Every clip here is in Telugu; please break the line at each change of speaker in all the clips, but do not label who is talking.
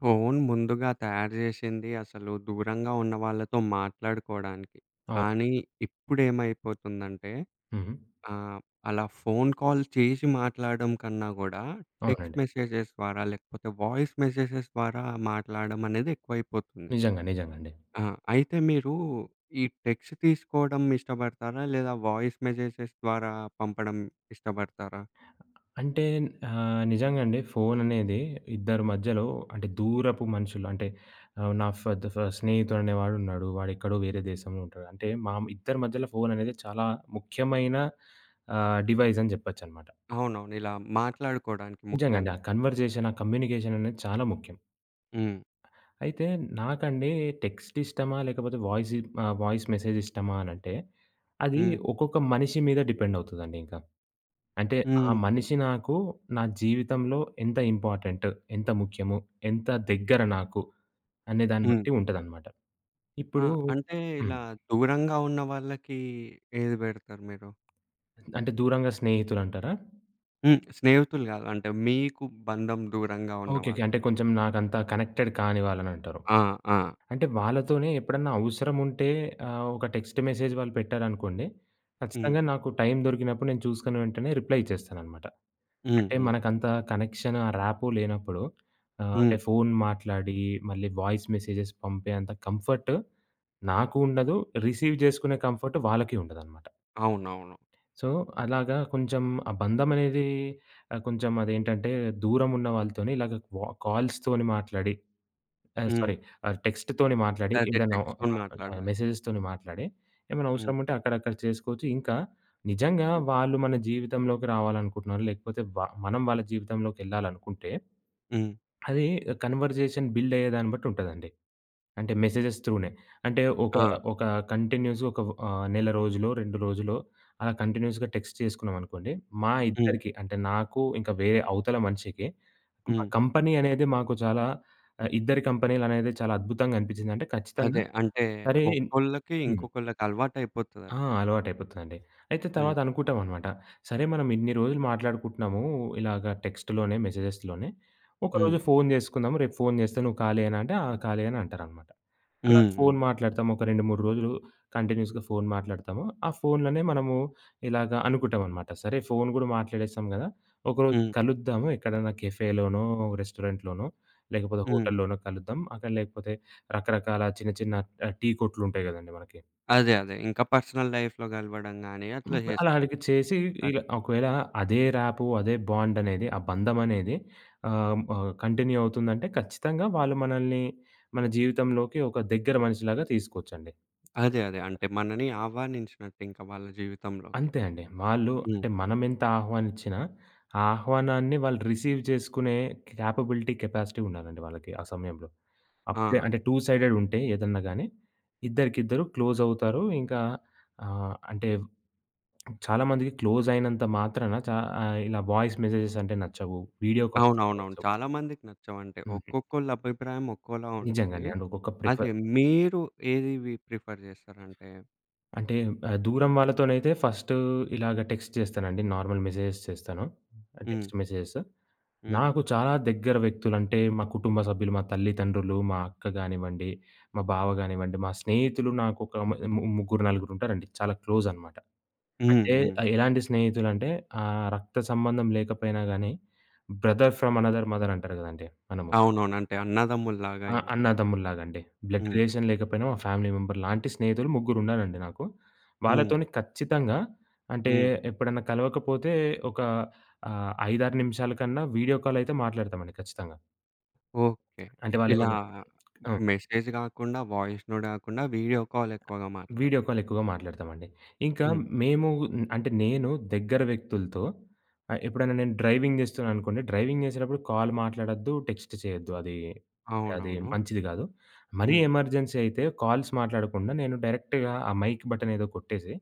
ఫోను ముందుగా తయారు జేశింది అసలు దూరంగా ఉన్న వాళ్ళతో మాట్లాడుకోవడానికి. కానీ,
అవునండి.
ఇప్పుడేమైపోతుందంటే
హుహు.
ఆహ్, అలా ఫోన్ కాల్ చేసి మాట్లాడ్డం కన్నా కూడా టెక్స్ట్
అవునండి.
మెసేజెస్ ద్వారా, లేకపోతే వాయిస్ మెసేజెస్ ద్వారా మాట్లాడ్డం అనేది ఎక్కువైపోతుంది.
నిజంగా. నిజంగా అండి.
ఆ! అయితే మీరు ఈ టెక్స్ట్ తీసుకోవడం ఇష్టపడతారా లేదా వాయిస్ మెసేజెస్ ద్వారా పంపడం ఇష్టపడతారా?
అంటే ఆహ్, నిజంగా అండి ఫోన్ అనేది ఇద్దరి మధ్యలో అంటే దూరపు మనుషులు అంటే ఆహ్, నా ఫర్ ద ఫ స్నేహితుడు అనే వాడు ఉన్నాడు. వాడెక్కడో వేరే దేశంలో ఉంటాడు. అంటే, మా ఇద్దరి మధ్యలో ఫోన్ అనేది చాలా ముఖ్యమైన ఆహ్, డివైస్ అని జెప్పొచ్చనమాట.
అవునవును. ఇలా మాట్లాడుకోవడానికి
నిజంగా అండి.
ముఖ్యంగా.
ఆ కన్వర్జేషన్, ఆ కమ్యూనికేషన్ అనేది చాలా ముఖ్యం.
హ్మ్.
అయితే నాకండి టెక్స్ట్ ఇష్టమా లేకపోతే వాయిసి ఆ! వాయిస్ మెసేజ్ ఇష్టమా అనంటే, అది
హ్మ్.
ఒక్కొక్క మనిషి మీద డిపెండ్ అవుతుందండింక. అంటే, ఆ
హ్మ్. హు.
మనిషి నాకు నా జీవితంలో ఎంత ఇంపార్టెంట్, ఎంత ముఖ్యము, ఎంత దగ్గర నాకు అనేదాన్ని
హ్మ్.
బట్టి ఉంటదన్నమాట.
ఆ!
ఇప్పుడు
అంటే, ఇలా
హ్మ్.
దూరంగా ఉన్న వాళ్ళకి, ఏది బెడతారు మీరు?
అంటే, దూరంగా స్నేహితులంటారా?
హ్మ్. స్నేహితులు కాదు. అంటే, మీకు బంధం దూరంగా ఉన్న
ఓకేకే.
వాళ్ళు.
అంటే, కొంచెం నాకంతా కనెక్టెడ్ కాని వాళ్ళనంటారు.
ఆ! ఆ!
అంటే వాళ్ళతోనే ఎప్పుడన్న అవసరముంటే, ఆహ్, ఒక టెక్స్ట్ మెసేజ్ వాళ్ళు పెట్టారనుకోండి, ఖచ్చితంగా
హ్మ్.
నాకు టైం దొరికినప్పుడు నేను చూసుకున్న వెంటనే, రిప్లై ఇచ్చేస్తాననమాట.
హ్మ్,
అంటే
హ్మ్.
మనకంత కనెక్షను, ఆ రాపో లేనప్పుడు ఆహ్,
హ్మ్.
అంటే ఫోను మాట్లాడి, మళ్ళీ వాయిస్ మెసేజెస్ పంపే అంత కంఫర్ట్ నాకు ఉండదు, రిసీవ్ జేసుకునే కంఫర్ట్ వాళ్ళకీ ఉండదనమాట.
అవునవును.
సో, అలాగా కొంచెం ఆ బంధమనేది ఆహ్, కొంచెం అదేంటంటే, దూరమున్న వాళ్ళతోని ఇలాగా వ కాల్స్ తోని మాట్లాడి ఆహ్,
హ్మ్.
సారీ ఆహ్, టెక్స్ట్ తోని మాట్లాడి
అదే.
ఏదైనా ఒక
టెక్స్ట్‌లోని
నార్మల్ ఆహ్,
మాట్లాడమే.
మెసేజెస్ తోని మాట్లాడి, ఏమైనా
హ్మ్.
అవసరముంటే అక్కడ, అక్కడ చేసుకోచ్చు. ఇంకా నిజంగా
హ్మ్.
వాళ్ళు మన జీవితంలోకి రావాలనుకుంటున్నారు, లేకపోతే వ మనం వాళ్ళ జీవితంలోకెళ్ళాలనుకుంటే,
హ్మ్.
అది కన్వర్సేషన్ బిల్డ్ అయ్యేదాన్ని బట్టుంటదండి. అంటే మెసేజెస్ త్రూ‌నే. అంటే ఒక,
ఆ!
ఒక కంటిన్యూయస్‌గా ఒక వ ఆహ్, నెల రోజులో, 2 రోజులో, అలా కంటిన్యూయస్‌గా టెక్స్ట్ చేసుకున్నాం అనుకోండి. మా
హ్మ్.
ఇద్దరికి అంటే, నాకు ఇంకా వేరే అవతల మనిషికి, మా
హ్మ్.
కంపెనీ అనేది మాకు చాలా ఆహ్, ఇద్దరి కంపెనీ‌లనేది చాలా అద్భుతంగా అనిపిచ్చిందంటే ఖచ్చితంగా
అదే. అంటే
సరే ఇన్
ఒక్కోళ్ళకి,
హ్మ్.
ఇంకొకళ్ళకి
ఆ!
అలవాటైయిపోతదట్లా.
అలవాటయిపోతుదండి. అయితే తర్వాత
హ్మ్.
అనుకుంటామనమాట. "సరే, మనమిన్ని రోజులు మాట్లాడుకుంటున్నాము, ఇలాగ టెక్స్ట్‌లోనే, మెసేజెస్‌లోనే
హ్మ్.
ఒకరోజు ఫోను చేసుకుందాము, రేపు ఫోను చేస్తే నువ్వు ఖాళీయేనా" అంటే, "ఆ! ఖాళీ" అని అంటారనమాట. అలా ఫోను
హుహు.
మాట్లాడతాము ఒక 2, 3 రోజులు కంటిన్యూయస్‌గా ఫోను మాట్లాడతాము. ఆ ఫోనులోనే మనము ఇలాగ అనుకుంటామనమాట. సరే, ఫోను కూడా మాట్లాడేస్తాం కదా, ఒకరోజు
హ్మ్.
కలుద్దాము ఎక్కడైనా కెఫేలోనో, రెస్టారెంట్‌లోనో లేకపోతే
హ్మ్.
హోటల్లోనో కలుద్దాం అక్కడ లేకపోతే రకరకాల చిన్న, చిన్న ఆహ్, టీ కొట్లుంటాయి కదండీ మనకి.
అదే, అదే. ఇంకా పర్సనల్ లైఫ్‌లో కలవడం గాని
హ్మ్.
అట్లా
అలా
చేసుకున్
అడిగి చేసి
అదే.
ఇలా ఒకవేళ అదే రాపో, అదే బాండనేది, ఆ బంధమనేది ఆహ్, హ్మ్, ఆహ్, కంటిన్యూ అవుతుందంటే, ఖచ్చితంగా వాళ్ళు మనల్ని, మన జీవితంలోకి ఒక దగ్గర మనిషి లాగా తీసుకోవచ్చండి. అది కరెక్టు.
అదే, అదే. అంటే మనని ఆహ్వానించినట్టు ఇంకా వాళ్ళ జీవితంలోకి.
అంతే అండి. వాళ్ళు
హ్మ్.
అంటే మనమెంత ఆహ్వానించినా, ఆ ఆహ్వానాన్ని వాళ్ళు రిసీవ్ చేసుకునే కేపబిలిటీ, కెపాసిటీ ఉండాలండి వాళ్ళకి ఆ సమయంలో. అప్పుడే
ఆ!
అంటే టూ సైడెడుంటే ఏదన్నా గాని, ఇద్దరికిద్దరు క్లోజవుతారు ఇంకా ఆహ్, అంటే చాలా మందికి క్లోజయినంత మాత్రాన చా ఆహ్, ఇలా వాయిస్ మెసేజెస్ అంటే నచ్చవు, వీడియో కాల్స్ కొన్ని
అవునవునవును.
నచ్చవు.
చాలా మందికి నచ్చవు. అంటే,
హుహు.
ఒక్కొక్కళ్ళ అభిప్రాయం ఒక్కోలా
నిజంగా
ఉంటది.
అండి. అండ్ ఒకొక్క
అదే
ప్రిఫర్
మీరు ఏది వి ప్రిఫర్ చేస్తారంటే
అంటే ఆహ్, దూరం వాళ్ళతోనైతే ఫస్టు ఇలాగ టెక్స్ట్ చేస్తానండి. నార్మల్ మెసేజెస్ చేస్తాను. టెక్స్ట్
హ్మ్.
మెసేజెస్.
హ్మ్.
నాకు చాలా దగ్గర వ్యక్తులంటే మా కుటుంబ సభ్యులు, మా తల్లిదండ్రులు, మా అక్క గానివ్వండి, మా బావ గానివ్వండి మా స్నేహితులు నాకు ఒక మ ము ముగ్గురు, నలుగురుంటారండి చాలా క్లోజనమాట.
హ్మ్,
అంటే
హ్మ్.
ఆహ్, ఎలాంటి స్నేహితులంటే, ఆహ్, రక్త సంబంధం లేకపోయినా గానీ, బ్రదర్ ఫ్రమ్ అనోథర్ మదర్ అంటారు కదండీ! మనము
అవునవును. అంటే అన్నదమ్ముల్లాగా
ఆ!
ఇంక.
అన్నదమ్ములు లాగండి. బ్లడ్
హ్మ్.
రిలేషన్ లేకపోయినా, మా ఫ్యామిలీ మెంబర్ లాంటి స్నేహితులు ముగ్గురున్నారండి నాకు.
హ్మ్.
వాళ్ళతోని ఖచ్చితంగా అంటే,
హ్మ్.
ఎప్పుడైనా కలవకపోతే ఒక ఆహ్, 5, 6 నిమిషాల కన్నా వీడియో కాలయితే మాట్లాడతాం అండి ఖచ్చితంగా.
ఓకే.
అంటే వాళ్ళు
ఇలా
ఏమన్నా ఆ!
మెసేజ్ గాకుండా, వాయిస్ నోట్ గాకుండా, వీడియో కాలెక్కువగా మాట్లాడు
వీడియో కాలెక్కువగా మాట్లాడతామండి. ఇంకా
హ్మ్.
మేము ఆహ్, అంటే నేను దగ్గర వ్యక్తులతో ఆహ్, ఎప్పుడైనా నేను డ్రైవింగ్ జేస్తున్నా అనుకోండి. డ్రైవింగ్ చేసేటప్పుడు, కాల్ మాట్లాడొద్దు, టెక్స్ట్ చేయొద్దు. అదీ అంటే అది
అవునవును.
మంచిది కాదు. మరీ
హ్మ్.
ఎమర్జెన్సీ అయితే, కాల్స్ మాట్లాడకుండా, నేను డైరెక్ట్‌గా ఆ మైక్ బటనేదో కొట్టేసి,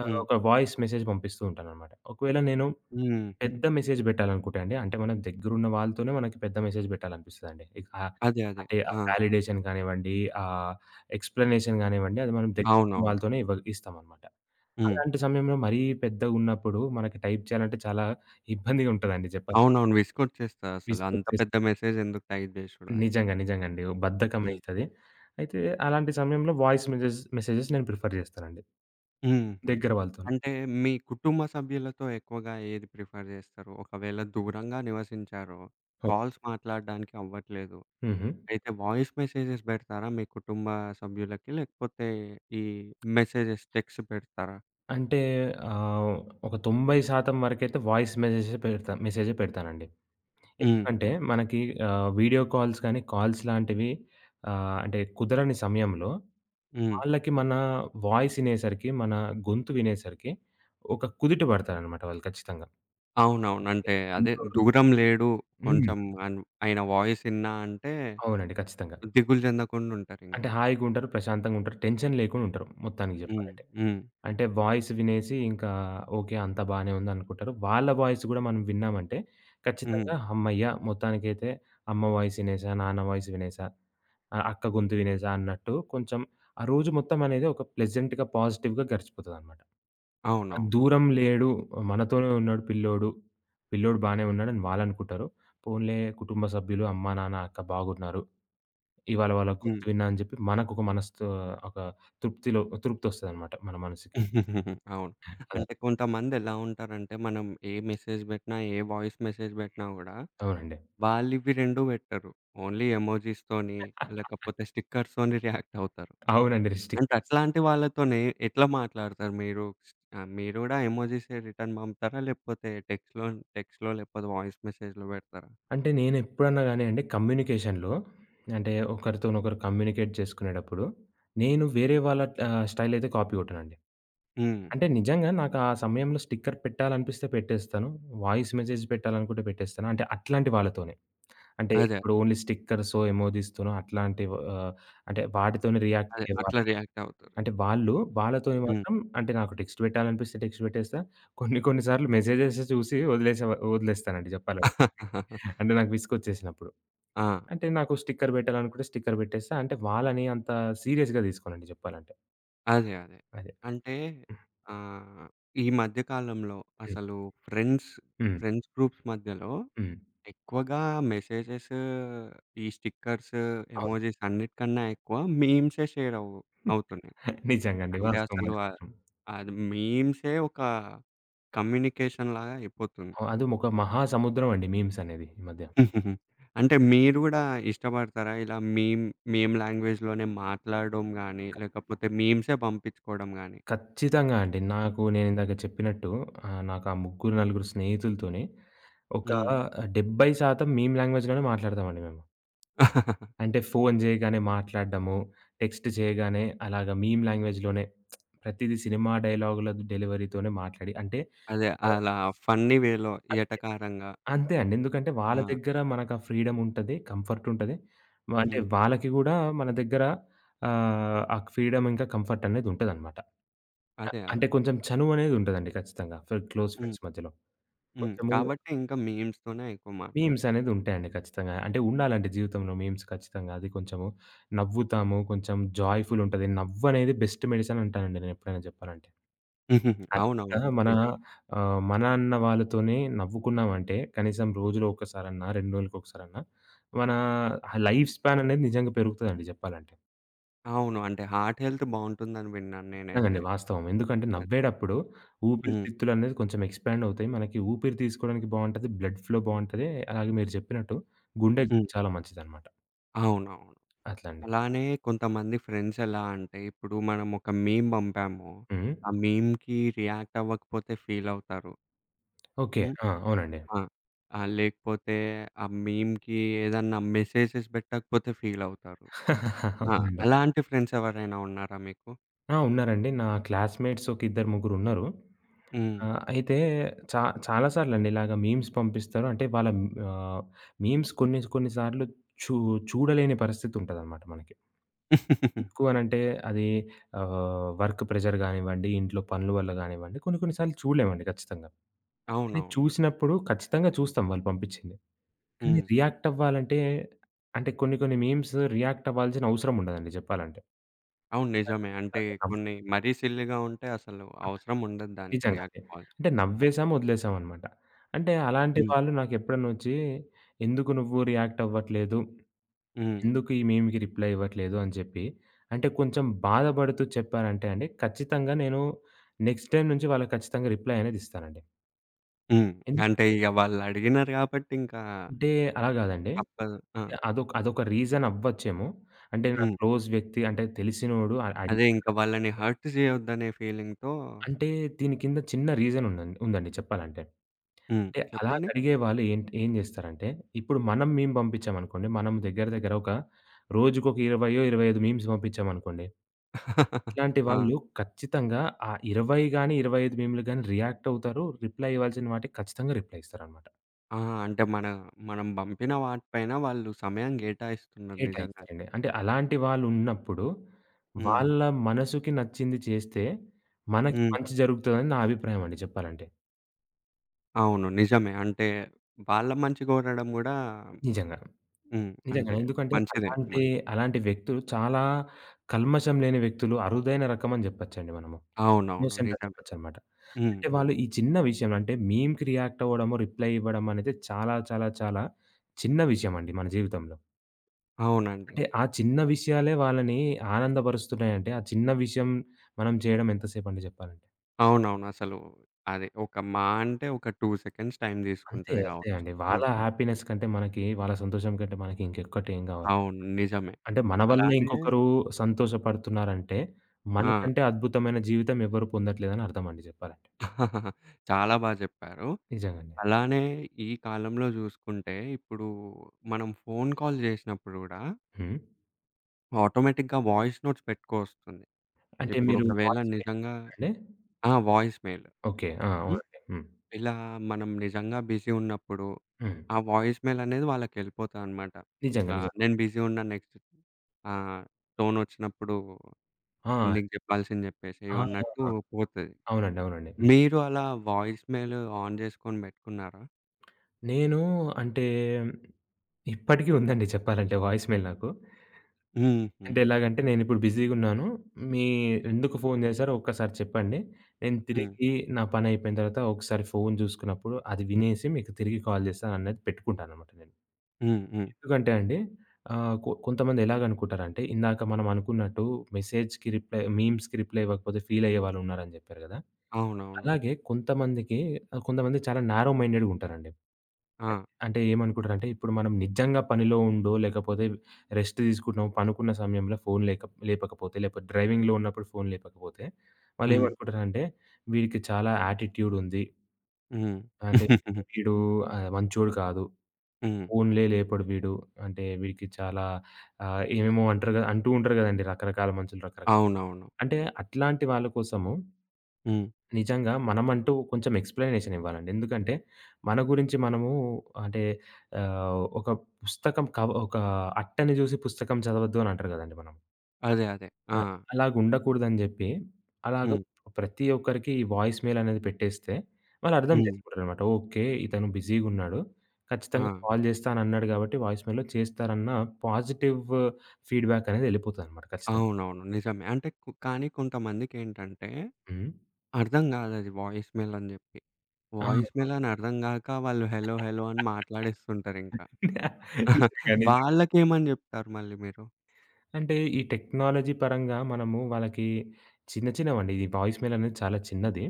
ఆహ్,
హ్మ్.
ఒక వాయిస్ మెసేజ్ పంపిస్తూ ఉంటాననమాట. ఒకవేళ నేను
హుహు.
పెద్ద మెసేజ్ పెట్టాలనుకుంటే అండి, అంటే మన దగ్గరున్న వాళ్ళతోనే మనకి పెద్ద మెసేజ్ పెట్టాలనిపిస్తదండి. ఇకా
అదే, అదే.
అంటే, ఆ
ఆ!
వాలిడేషన్ కానివ్వండి, ఆహ్, ఎక్స్‌ప్లనేషన్ గానివ్వండి, అది మనం దగ్గరున్న
అవునవును.
వాళ్ళతోనే ఇవ్వ ఇస్తామన్నమాట.
హ్మ్.
అలాంటి సమయంలో, మరీ పెద్దగున్నప్పుడు మనకి టైప్ చేయాలంటే చాలా ఇబ్బందిగా ఉంటదండి చెప్పా
అవునవును. విసుగొచ్చేస్తాదసలు అంత
విసుగొచ్చేసి
పెద్ద మెసేజెందుకు టైప్ జేసుడు అని.
నిజంగా, నిజంగా అండి. ఓహ్!
హ్మ్.
బద్ధకమయితాది. అయితే అలాంటి సమయంలో, వాయిస్ మెసేజెస్ మెసేజెస్ నేను ప్రిఫర్ జేస్తానండి.
హుహు.
దగ్గర వాళ్ళతోని.
అంటే మీ కుటుంబ సభ్యులతో ఎక్కువగా ఏది ప్రిఫర్ చేస్తారు? ఒకవేళ దూరంగా నివసించారో,
ఓకే.
కాల్స్ మాట్లాడడానికి అవ్వట్లేదు,
హుహు.
అయితే వాయిస్ మెసేజెస్ బెడతారా? మీ కుటుంబ సభ్యులకి లేకపోతే, ఈ మెసేజెస్ టెక్స్ట్ పెడతారా?
అంటే ఆహ్, ఒక 90% వరకైతే వాయిస్ మెసేజెస్ పెడతా. మెసేజె పెడతానండి.
హ్మ్.
ఎందుకంటే
హు.
మనకి ఆహ్, వీడియో కాల్స్ కాని కాల్స్ లాంటివి ఆహ్, అంటే కుదరని సమయంలో
హ్మ్.
వాళ్ళకి మన వాయిస్ ఇనేసరికి, మన గొంతు వినేసరికి ఒక కుదుట పడతారన్నమాట వాళ్ళు ఖచ్చితంగా.
అవునవును.
ఓకే.
అంటే అదే
[unintelligible]
దూరం లేడు
హ్మ్.
కొంచెం అన్ ఆయన వాయిస్ ఇన్నా అంటే
అవునండి. ఖచ్చితంగా.
దిగులు జెందకుండా ఉంటారింకా.
అంటే హాయిగుంటరు, ప్రశాంతంగుంటరు టెన్షన్ లేకుండుంటరు మొత్తానికి
హ్మ్.
చెప్పాలంటే.
హ్మ్.
అంటే వాయిస్ వినేసి ఇంకా, ఓకె అంత బాగానే ఉంది అనుకుంటారు. వాళ్ళ వాయిస్ గూడా మనం విన్నామంటే ఖచ్చితంగా
హ్మ్.
హమ్మయ్య! మొత్తానికైతే అమ్మ వాయిస్ ఇనేసా. నాన్న వాయిస్ వినేసా. ఆహ్, అక్క గొంతు వినేసా అన్నట్టు కొంచెం ఆ రోజు మొత్తం అనేది ఒక ప్లెజెంట్‌‌గా, పాజిటివ్‌గా గడిచిపోతదన్నమాట. ఆ
అవునవును.
దూరం లేడు. ఆహ్, మనతోనే ఉన్నాడు పిల్లోడు. పిల్లోడు బానే ఉన్నాడని వాళ్ళనుకుంటారు. పోన్లే కుటుంబ సభ్యులు అమ్మ, నాన్న, అక్క బాగున్నారు. ఇవాళ వాళ్ళ గొంతు
హ్మ్.
విన్నానని జెప్పి మనకు ఒక మనసుతో ఒక తృప్తిలో తృప్తొస్తదనమాట మన మనసుకి.
అవును.
అదే.
అంటే కొంతమంది ఎలా ఉంటారంటే మనం ఏ మెసేజ్ బెట్టినా, ఏ వాయిస్ మెసేజ్ బెట్టినా గూడా
అవునండి.
వాళ్ళివి 2 బెట్టరు. ఓన్లీ ఎమోజిస్ తోని, లేకపోతే స్టిక్కర్స్ తోని రియాక్టవుతరు.
అవునండి.
అంటే
రిస్ట్రిక్ట్‌టెన్స్
అట్లాంటి వాళ్ళతోనే ఎట్లా మాట్లాడుతారు మీరు? శ్ ఆహ్, మీరు కూడా ఎమోజిస్ రిటర్న్ పంపుతారా? లేకపోతే టెక్స్ట్‌లో, టెక్స్ట్‌లో లేకపోతే వాయిస్ మెసేజ్‌లో బెడతారా?
అంటే నేనెప్పుడన్నా గానీ అండి కమ్యూనికేషన్‌లో అంటే ఒకరితోనొకరు కమ్యూనికేట్ జేసుకునేటప్పుడు, నేను వేరే వాళ్ళ ఆహ్, స్టైల్ అయితే కాపీ గొట్టనండి.
హ్మ్.
అంటే నిజంగా నాకా సమయంలో స్టిక్కర్ పెట్టాలనిపిస్తే పెట్టేస్తాను. వాయిస్ మెసేజ్ పెట్టాలనుకుంటే పెట్టేస్తాను, అంటే అట్లాంటి వాళ్ళతోనే. అంటే
అదే.
ఇప్పుడు ఓన్లీ స్టిక్కర్సొ, ఎమోజిస్ తోనో అట్లాంటి ఆహ్, అంటే వాటితోనే
అదే.
రియాక్టయ్యేవారు.
అట్లా రియాక్టవు
అంటే వాళ్ళు, వాళ్ళతోని
హ్మ్.
మాత్రం అంటే నాకు టెక్స్ట్ బెట్టాలనిపిస్తే టెక్స్ట్ పెట్టేస్తా. కొన్ని కొన్ని సార్లు మెసేజెస్ చూసి వదిలేస వదిలేస్తానండి జెప్పాలంటే. అంటే నాకు విసుగొచ్చేసినప్పుడు.
ఆ!
అంటే నాకు స్టిక్కర్ పెట్టాలనుకుంటే స్టిక్కర్ పెట్టేస్తా, అంటే వాళ్ళని అంత సీరియస్‌గా దీసుకోనుండి చెప్పాలంటే.
అదే. అదే.
అదే.
అంటే
హ్మ్.
ఆహ్, ఈ మధ్య కాలంలో
హ్మ్.
అసలు ఫ్రెండ్స్
హ్మ్.
ఫ్రెండ్స్ గ్రూప్స్ మధ్యలో
హ్మ్.
ఎక్కువగా మెసేజెస్ ఈ స్టిక్కర్స్
అవును.
ఎమోజిస్ అన్నిటికన్నా ఎక్కువ మీమ్సే షేరవు అవుతున్నాయి.
నిజంగా అండి.
అంటే,
వాస్తవం.
అసలు
అది
అ
మాత్రం.
అది మీమ్సే ఒక కమ్యూనికేషన్‌లాగా అయిపోతుంది.
ఆ! అది ఒక మహా సముద్రం అండి మీమ్సనేది ఈ మధ్య.
అంటే, మీరు గూడా ఇష్టపడతారా? ఇలా మీమ్ మీమ్ లాంగ్వేజ్‌లోనే మాట్లాడడం గాని, లేకపోతే మీమ్సే పంపించుకోవడం గాని.
ఖచ్చితంగా అండి. నాకు నేనిందాక చెప్పినట్టు ఆహ్, నాకు ఆ ముగ్గురు నలుగురు స్నేహితులతోనే ఒక
హ్మ్.
70% మీమ్ లాంగ్వేజ్‌లోనే మాట్లాడతామండి మేము. అంటే, ఫోను జేయగానే మాట్లాడ్డము, టెక్స్ట్ జేయగానే అలాగా మీమ్ లాంగ్వేజ్‌లోనే ప్రతిది సినిమా డైలాగుల డెలివరీతోనే మాట్లాడి అంటే
అదే. అలా ఫన్నీ వేలో.
అంతే.
ఎటకారంగా.
అంతే అండి. ఎందుకంటే వాళ్ళ
ఆ!
దగ్గర మనకా ఫ్రీడముంటది. కంఫర్టుంటది. అంటే
హ్మ్.
వాళ్ళకి గూడా మన దగ్గర ఆహ్, ఆ క్ ఫ్రీడమ్ ఇంకా కంఫర్టనేది ఉంటదనమాట. ఆ
అదే.
అంటే
అదే.
కొంచెం చనువనేది ఉంటదండి ఖచ్చితంగా, ఫ్ క్లోజ్
హ్మ్.
ఫ్రెండ్స్ మధ్యలో.
హ్మ్.
కొంచెము
కాబట్టి ఇంక మీమ్స్‌తోనే ఎక్కువ మాట్లాడా
మీమ్సనేది ఉంటాయండి ఖచ్చితంగా. అంటే ఉండాలండి జీవితంలో మీమ్స్ ఖచ్చితంగా. అది కొంచెము నవ్వుతాము. కొంచెం జాయ్‌ఫులుంటది. నవ్వనేది బెస్ట్ మెడిసిన్ అంటానండి నేనెప్పుడైనా జెప్పాలంటే. అది
అవునవును.
మనా
నిజం.
ఆహ్, మనా అన్న వాళ్ళతోనే నవ్వుకున్నాం అంటే కనీసం రోజులో ఒక్కసారన్న, 2 రోజులకొకసారన్న మన లైఫ్ స్పాననేది నిజంగా పెరుగుతదండి చెప్పాలంటే.
అవును. అంటే హార్ట్ హెల్త్ బావుంటుందని విన్నాను.
ఎల్లండి.
నేనైతే.
వాస్తవం ఎందుకంటే
అది.
నవ్వేడప్పుడు ఊపిరి
హ్మ్.
తిత్తులు అనేవి కొంచెం ఎక్స్పాండ్ అవుతాయి. మనకి ఊపిరి తీసుకోవడానికి బావుంటది, బ్లడ్ ఫ్లో బావుంటది. అలాగే మీరు జెప్పినట్టు గుండెకి
హ్మ్.
చాలా మంచిదన్నమాట.
అవునవును.
అట్లా అండి.
అలానే కొంతమంది ఫ్రెండ్సెలా అంటే. ఇప్పుడు మనం ఒక మీమ్ బంపాము.
హుహు.
ఆ మీమ్‌కి రియాక్టవ్వకపోతే ఫీలవుతారు.
ఓకే.
హ్మ్.
ఆ! అవునండి.
ఆ! ఆహ్, లేకపోతే ఆ మీమ్‌కి ఏదన్నా మెసేజెస్ బెట్టకపోతే ఫీలవుతారు. ఆ!
అవునండి.
అలాంటి ఫ్రెండ్స్ ఎవరైనా ఉన్నారా మీకు?
ఆ! ఉన్నారండి. నా క్లాస్‌మేట్స్ ఒక ఇద్దరు ముగ్గురు ఉన్నారు.
హ్మ్.
ఆహ్, అయితే చా చాలా సార్లండి ఇలాగ మీమ్స్ పంపిస్తారు, అంటే వాళ్ళ ఆహ్, మీమ్స్ కొన్ని కొన్ని సార్లు చూ చూడలేని పరిస్థితి ఉంటదన్నమాట మనకి. ఎందుకు అని అంటే. అది ఆహ్, వర్క్ ప్రెషర్ గానివ్వండి. ఇంట్లో పనుల వల్ల గానివ్వండి. కొన్ని కొన్ని సార్లు చూడలేమండి. ఖచ్చితంగా. అది
అవునవును.
చూసినప్పుడు ఖచ్చితంగా చూస్తాం వాళ్ళు పంపించింది. కానీ
హ్మ్.
రియాక్ట్ అవ్వాలంటే. అంటే కొన్ని కొన్ని మీమ్సు రియాక్టవ్వాల్సిన అవసరం ఉండదండి. జెప్పాలంటే.
అవును. నిజమే
ఆ!
అంటే
[unintelligible]
కొన్ని మరీ సిల్లీగా ఉంటే అసలు
అలాగే.
అవసరం ఉండదు దానికి.
నిజంగాండి.
రియాక్ట్ కాదు.
అంటే
హ్మ్.
నవ్వేసాం వదిలేసాం అన్నమాట. అంటే అలాంటి
హ్మ్.
వాళ్ళు నాకెప్పుడనొచ్చి ఎందుకు నువ్వు రియాక్టవ్వట్లేదు?
హ్మ్.
ఎందుకు ఈ మీమ్‌కి రిప్లై ఇవ్వట్లేదు. అని జెప్పి. అంటే కొంచెం బాధపడుతూ చెప్పారంటే అండి. ఖచ్చితంగా నేను నెక్స్ట్ టైమ్ నుంచి వాళ్ళకి ఖచ్చితంగా రిప్లై అనేది ఇస్తానండి.
హ్మ్.
ఎం
అంటే, ఇగ వాళ్ళడిగినారు గాబట్టి ఇంకా
అంటే, అలా గాదండి.
తప్పదు. ఆ!
అంటే అదొక్ అదొక రీజన్ అవ్వచ్చేమో! అంటే నాకు
హ్మ్.
క్లోజ్ వ్యక్తి అంటే తెలిసినోడు అడ్ అడి
అదే. ఇంక వాళ్ళని హర్ట్ జేయొద్దనే ఫీలింగ్‌తో
అంటే, దీని కింద చిన్న రీజనుందండ్ ఉందండి, చెప్పాలంటే.
హ్మ్.
అంటే,
చెప్పండి?
అలాగడిగే వాళ్ళు ఏంట్ ఏం జేస్తరంటే ఇప్పుడు మనం మీమ్ బంపిచ్చామనుకోండి మనం దగ్గర దగ్గర ఒక రోజుకి ఒక ఇరవయ్యో, 25 మీమ్స్ పంపిచ్చామనుకోండి, ఇట్లాంటి
ఆ!
వాళ్ళు, ఖచ్చితంగా ఆ 20 గాని, 25 మీములు గాని రియాక్టవుతారు. రిప్లై ఇవ్వాల్సిన వాటికి ఖచ్చితంగా రిప్లై ఇస్తారన్నమాట.
ఆ! అంటే మన మనం బంపిన వాటిపైన వాళ్ళు సమయం గేటాయిస్తున్నారు, నిజంగనే.
కేటాయిస్తారండి. అంటే అలాంటి వాళ్ళున్నప్పుడు,
హ్మ్.
వాళ్ళ మనసుకి నచ్చింది చేస్తే, మనకి
హ్మ్.
మంచి జరుగుతుదని నా అభిప్రాయం అండి చెప్పాలంటే.
అవును. నిజమే. అంటే, వాళ్ళ మంచి గోరడం కూడా
నిజంగా.
హ్మ్.
నిజంగనే.
అంటే,
ఎందుకంటే
మంచిదే
అలాంటి
మరి.
అలాంటి వ్యక్తులు చాలా కల్మషం లేని వ్యక్తులు, అరుదైన రకమని జెప్పొచ్చండి మనము.
అవునవును.
ఇన్నోసెంటని
నిజమే.
జెప్పొచ్చన్నమాట.
హ్మ్.
అంటే
హ్మ్.
వాళ్ళు ఈ చిన్న విషయంలో అంటే మీమ్‌కి రియాక్ట్ అవ్వడము, రిప్లై ఇవ్వడం అనేది చాలా చాలా చాలా చిన్న విషయం అండి మన జీవితంలో.
అవునండి.
అంటే, ఆ చిన్న విషయాలే వాళ్ళని ఆనందబరుస్తున్నాయంటే, ఆ చిన్న విషయం, మనం చేయడం ఎంతసేపండి జెప్పాలంటే.
అవునవును. అసలు అది ఒక మా అంటే ఒక 2 సెకండ్స్ టైం
అంతే
దీసుకుంటది
అంతే
గావచ్చు.
అండి. వాళ్ళ
హుహు.
హ్యాపీనెస్ కంటే మనకి, వాళ్ళ సంతోషం కంటే మనకి ఇంకొక్కటి ఏమి గావాలి.
అవును. నిజమే.
అంటే మన వల్ల
అలానే
ఇంకొకరు సంతోషపడుతున్నారంటే,
ఆ!
మనకంటే అద్భుతమైన జీవితం ఎవ్వరు పొందట్లేదని అర్థమండి జెప్పాలంటే.
చాలా బా జెప్పారు.
నిజంగండి.
అలానే ఈ కాలంలో జూసుకుంటే ఇప్పుడు మనం ఫోను కాల్ జేసినప్పుడు గూడా
హ్మ్.
ఆటోమేటిక్‌గా వాయిస్ నోట్స్ పెట్టుకొస్తుంది.
అంటే మీరు
ఇప్పుడొకవేళ
వాయిస్ మెయిల్
నిజంగా
అండి.
ఆ! Voice mail.
ఓకే. ఆ!
హ్మ్.
అవునండి. హ్మ్.
ఇలా మనం నిజంగా బిజి ఉన్నప్పుడు
హ్మ్.
ఆ వాయిస్ మెయిల్ అనేది వాళ్ళకెళ్ళిపోతదనమాట.
నిజంగా.
ఇట్లా
నిజం.
నేను బిజి ఉన్నాను నెక్స్ట్ ఇప్పుడు ఆహ్, టోనొచ్చినప్పుడు,
ఆ!
నీకు జెప్పాల్సింది జెప్పేశేయి
ఆహా!
అన్నట్టు పోతది.
అవునండి. అవునండి. హ్మ్.
మీరు అలా వాయిస్ మెయిల్ ఆన్ జేసుకొని బెట్టుకున్నారా?
నేను అంటే, ఇప్పటికి ఉందండి చెప్పాలంటే వాయిస్ మెయిల్ నాకు.
హుహు.
అంటే, ఎలాగంటే నేనిప్పుడు బిజీగున్నాను. మీ ఎందుకు ఫోను జేశారో ఒక్కసారి చెప్పండి. నేను
హ్మ్.
తిరిగి నా పని అయిపోయిన తర్వాత, ఒకసారి ఫోను జూసుకున్నప్పుడు, అది వినేసి మీకు తిరిగి కాల్ జేస్తానన్నట్టు పెట్టుకుంటానన్నమాట నేను.
హ్మ్, హ్మ్.
ఎందుకంటే అండి ఆహ్, కొ కొంతమంది ఎలాగనుకుంటారంటే, ఇందాక మనం అనుకున్నట్టు మెసేజ్‌కి రిప్లై మీమ్స్‌కి రిప్లై ఇవ్వకపోతే ఫీలయ్యేవాళ్ళున్నారని జెప్పారు గదా!
అవునవును.
అలాగే కొంతమందికి ఆహ్, కొంతమంది చాలా నారో మైండెడ్‌గుంటారండి.
ఆ!
అంటే ఏమనుకుంటారంటే, ఇప్పుడు మనం నిజంగా పనిలో ఉండో లేకపోతే రెస్ట్ తీసుకుంటున్నామో, పనుకున్న సమయంలో ఫోను లేకప్ లేపకపోతే, లేకపోతే డ్రైవింగ్‌లో ఉన్నప్పుడు ఫోను లేపకపోతే,
హ్మ్.
వాళ్ళేమనుకుంటారంటే, వీడికి చాలా యాటిట్యూడుంది.
హ్మ్.
అంటే వీడు ఆహ్, మంచోడు కాదు.
హ్మ్.
ఫోన్లే లేపడు వీడు. అంటే, వీడికి చాలా ఆహ్, ఏమేమో అంటారు గ అంటూ ఉంటారు గదండీ! రకరకాల మనుషులు రకరక్
అవునవును.
అంటే అట్లాంటి వాళ్ళ కోసము
హ్మ్.
నిజంగా మనమంటూ కొంచెం ఎక్స్‌ప్లనేషనివ్వాలండి. ఎందుకంటే మన గురించి మనము అంటే ఆహ్, ఒక పుస్తకం కవ ఒక అట్టని జూసి పుస్తకం చదవద్దు అనంటారు గదండీ మనం.
అదే. అదే.
అ
ఆ!
అలాగుండకూడదు అని జేప్పి అలాగ
హ్మ్.
ప్రతి ఒక్కరికి ఈ వాయిస్ మెయిల్ అనేది పెట్టేస్తే వాళ్ళు అర్థం
హ్మ్.
చేసుకుంటారన్నమాట. ఒకే ఇతను బిజీగా ఉన్నాడు. ఖచ్చితంగా
ఆ!
కాల్ చేస్తానన్నాడు కాబట్టి వాయిస్ మెయిల్‌లో చేస్తారన్న పాజిటివ్ ఫీడ్‌బ్యాక్ అనేది వెళ్ళిపోతుందనమాట, ఖచ్చితంగా.
అవునవును. నిజమే. అంటే క్ కానీ కొంతమందికేంటంటే
హ్మ్.
అర్థం కాదు అది వాయిస్ మెయిల్ అని చెప్పి. వాయిస్
[unintelligible]
మెయిల్ అని అర్థం కాక వాళ్ళు హలో హలో అని మాట్లాడేస్తుంటారింకా.
నిజంగా నిజంగా.
వాళ్ళకేమని చెప్తారు మళ్ళీ మీరు?
అంటే ఈ టెక్నాలజీ పరంగా మనము వాళ్ళకి చిన్న చిన్నవండి ఈ వాయిస్ మెయిల్ అనేది చాలా చిన్నది.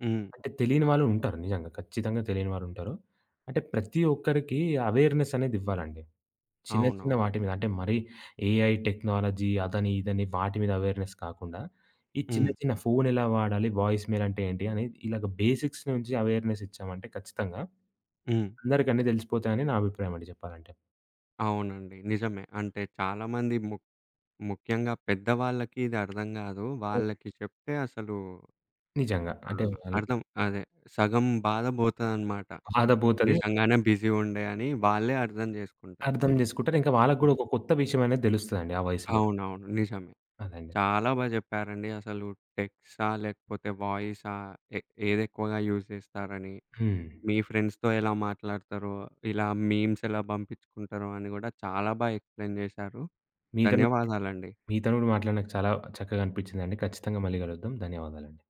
హ్మ్.
అంటే తెలియని వాళ్ళు ఉంటారు నిజంగా ఖచ్చితంగా తెలియని వాళ్ళు ఉంటారు. అంటే ప్రతి ఒక్కరికి ఎవేర్‌నెస్ అనేది ఇవ్వాలండి. చిన్న,
అవును.
చిన్న వాటి మీద అంటే మరి ఏఐ టెక్నాలజీ అదని ఇదని వాటి మీద ఎవేర్‌నెస్ కాకుండా, ఈ చిన్న
హ్మ్.
చిన్న ఫోనెలా వాడాలి వాయిస్ మెయిల్ అంటే ఏంటి అని ఇలాగ బేసిక్స్ నుంచి ఎవేర్‌నెస్ ఇచ్చామంటే ఖచ్చితంగా,
హ్మ్.
అందరికి అన్ని తెలిసిపోతాయి అని నా అభిప్రాయం అండి చెప్పాలంటే.
అవునండి నిజమే. అంటే చాలామంది ము ముఖ్యంగా పెద్దవాళ్ళకి ఇది అర్థం కాదు వాళ్ళకి
అవునండి.
చెప్తే అసలు
నిజంగా అంటే
ఆహ్,
అవి
అర్థం అదే సగం బాధ పోతదనమాట. ఆ!
బాదబోతది ఇంకా
నిజంగానే బిజీ ఉండే అని వాళ్ళే అర్థం
అర్థం
చేసుకుంటారింకా.
చేసుకుంటారు. ఇంక వాళ్ళకి కూడా ఒక కొత్త విషయం అనేది తెలుస్తది అండి ఆ వయసులో.
అవునవును నిజమే.
అదండి.
చాలా బాగా చెప్పారండి అసలు టెక్స్ట్సా! లేకపోతే వాయిసా! ఏ ఏదేక్కువగా యూజ్ చేస్తారని,
హ్మ్.
మీ ఫ్రెండ్స్‌తో ఎలా మాట్లాడతారో, ఇలా మీమ్స్ ఎలా పంపించుకుంటారో, అని కూడా చాలా బాగా ఎక్స్‌ప్లెయిన్ చేశారు
మీ తోని కూడా మా
ధన్యవాదాలండి.
మీ తోని మాట్లాడిన చాలా చక్కగా అనిపించిందండి ఖచ్చితంగా మళ్ళీ కలుద్దాం ధన్యవాదాలండి.